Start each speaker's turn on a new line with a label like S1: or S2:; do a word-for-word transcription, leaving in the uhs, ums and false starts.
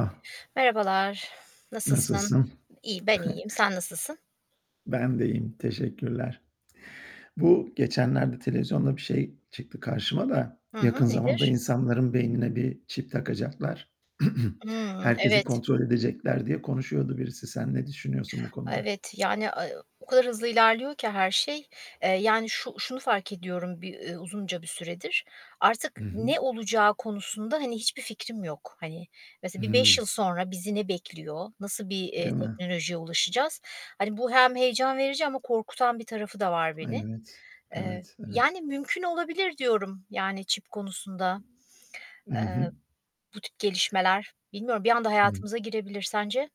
S1: Ah.
S2: Merhabalar. Nasılsın?
S1: Nasılsın?
S2: İyi ben iyiyim. Sen nasılsın?
S1: Ben de iyiyim, teşekkürler. Bu geçenlerde televizyonda bir şey çıktı karşıma da
S2: Hı hı.
S1: "Yakın zamanda
S2: Nedir?
S1: insanların beynine bir çip takacaklar;
S2: Imm,
S1: herkesi
S2: evet.
S1: kontrol edecekler." diye konuşuyordu birisi. Sen ne düşünüyorsun bu konuda?
S2: Evet. Yani, eee, o kadar hızlı ilerliyor ki her şey. Eee, yani, şu şunu fark ediyorum bir ı uzunca bir süredir. Artık
S1: Hı hı.
S2: ne olacağı konusunda, hani, hiçbir fikrim yok. Hani, mesela bir beş
S1: Hıı.
S2: yıl sonra bizi ne bekliyor? Nasıl bir, eee,
S1: Değil mi?
S2: teknolojiye ulaşacağız? Hani, bu hem heyecan verici ama korkutan bir tarafı da var
S1: Ay,
S2: beni.
S1: evet.
S2: Eee,
S1: Evet, evet.
S2: yani, mümkün olabilir, diyorum, yani, çip konusunda,
S1: Hı hı.
S2: eee, bu tip gelişmeler. Bilmiyorum bir anda
S1: Hı.
S2: hayatımıza girebilir. Sence?